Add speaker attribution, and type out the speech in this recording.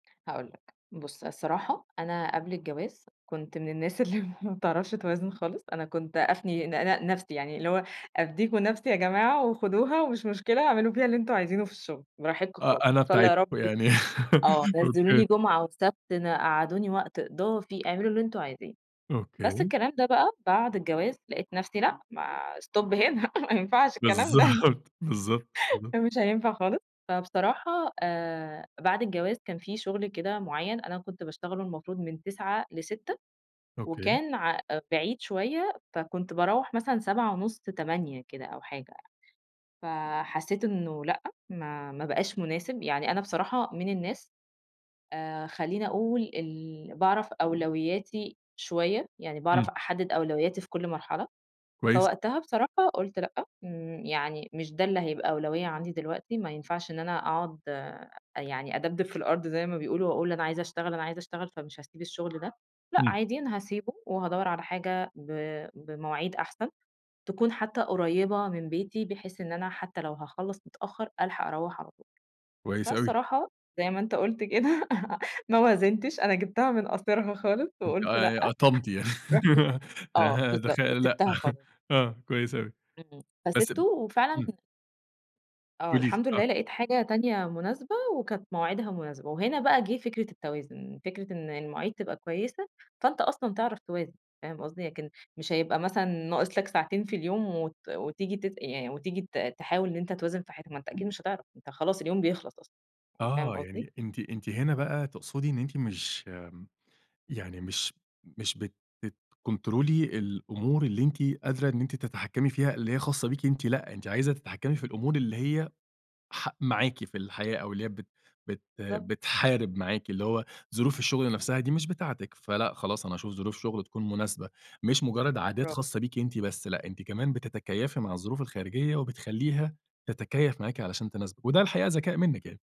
Speaker 1: هاقول لك. بُص الصراحة أنا قبل الجواز كنت من الناس اللي ما بتعرفش توازن خالص، أنا كنت أفني ن ن نفسي يعني اللي هو أدّيكم نفسي يا جماعة وخدوها ومش مشكلة اعملوا فيها اللي أنتم عايزينه في الشغل، براحتكم
Speaker 2: آه
Speaker 1: خالص،
Speaker 2: أنا
Speaker 1: إن شا الله يا رب
Speaker 2: بتاعتكم
Speaker 1: ت
Speaker 2: يعني
Speaker 1: آه
Speaker 2: أوكي.
Speaker 1: نزلوني جُمعة وسَبت ن قعّدوني وقت إضافي، اعملوا اللي أنتم عايزينه. بس
Speaker 2: أوكي.
Speaker 1: الكلام ده بقى بعد الجواز لقيت نفسي لأ، ما stop هنا، ما ينفعش الكلام ده،
Speaker 2: بالضبط، بالضبط، بالض
Speaker 1: ده مش هينفع خالص. فبصراحة آآ بعد الجواز كان في شُغل كده مُعيّن، أنا كنت باشتغله المفروض من 09:00 ل18:00
Speaker 2: أوكي.
Speaker 1: وكان ع بعيد شوية، فكنت باروَّح مثلًا 19:30، 20:00 كده أو حاجة. فحسيت إنه لأ، ما ما بقاش مناسب، يعني أنا بصراحة من الناس آآ خلّيني أقول ال باعرف أولوياتي شوية، يعني باعرف
Speaker 2: إمم.
Speaker 1: أحدد أولوياتي في كل مرحلة.
Speaker 2: كويس.
Speaker 1: فوقتها بصراحة قُلت لأ ن يعني مش ده اللي هيبقى أولوية عندي دلوقتي، ما ينفعش إن أنا أقعد أ يعني أدبدب في الأرض زي ما بيقولوا وأقول أنا عايزة أشتغل أنا عايزة أشتغل فمش هاسيب الشغل ده، لأ
Speaker 2: إمم.
Speaker 1: عادي أنا هاسيبه وهادوَّر على حاجة ب بمواعيد أحسن، تكون حتى قريبة من بيتي بحيث إن أنا حتى لو هاخلَّص متأخر ألحق أروَّح على طول.
Speaker 2: كويس أوي.
Speaker 1: فالصراحة زي ما أنت قُلت كده ما وازنتِش، أنا جِبتها من قاصرها خالص
Speaker 2: أنتِ ق
Speaker 1: وقُلت لأ،
Speaker 2: قطَمتِ يع
Speaker 1: رُحت [unintelligible] آه
Speaker 2: ه دخ
Speaker 1: بالضبط
Speaker 2: لأ
Speaker 1: سِبتها خالص.
Speaker 2: آه، كويس أوي.
Speaker 1: إمم
Speaker 2: بس ب
Speaker 1: فسِبته وفعلًا
Speaker 2: إمم.
Speaker 1: آه
Speaker 2: قولي لي،
Speaker 1: الحمد
Speaker 2: آه.
Speaker 1: لله لقيت حاجة تانية مناسبة وكانت مواعيدها مناسبة، وهنا بقى جه فكرة التوازن، فكرة إن المواعيد تبقى كويسة فأنت أصلًا تعرف توازن، فاهم قصدي؟ لكن مش هيبقى مثلًا ناقص لك ساعتين في اليوم وت وتيجي تت يعني وتيجي ت تحاول إن أنت توازن في حتة ما أنت أكيد مش هتعرف، أنت خلاص اليوم بيخلص أصلًا. يعني فاهم
Speaker 2: آه
Speaker 1: قصدي؟
Speaker 2: يعني أنتِ أنتِ هنا بقى تقصدي إن أنتِ مش يعني مش مش بت بتكنترولي الأمور اللي أنتِ قادرة إن أنتِ تتحكمي فيها اللي هي خاصة بيكِ أنتِ، لأ، أنتِ عايزة تتحكمي في الأمور اللي هي ح معاكِ في الحياة، أو اللي هي بت بت
Speaker 1: بالضبط.
Speaker 2: بتحارب معاكِ اللي هو ظروف الشغل
Speaker 1: بالضبط.
Speaker 2: نفسها دي مش بتاعتِك، فلأ خلاص أنا هاشوف ظروف شُغل تكون مناسبة، مش مُجرد عادات
Speaker 1: برا
Speaker 2: خاصة بيكِ أنتِ بس، لأ أنتِ كمان بتتكيفي مع الظروف الخارجية وبتخلّيها تتكيف معاكِ عشان تناسبِك، وده الحقيقة ذكاء منِك يعني.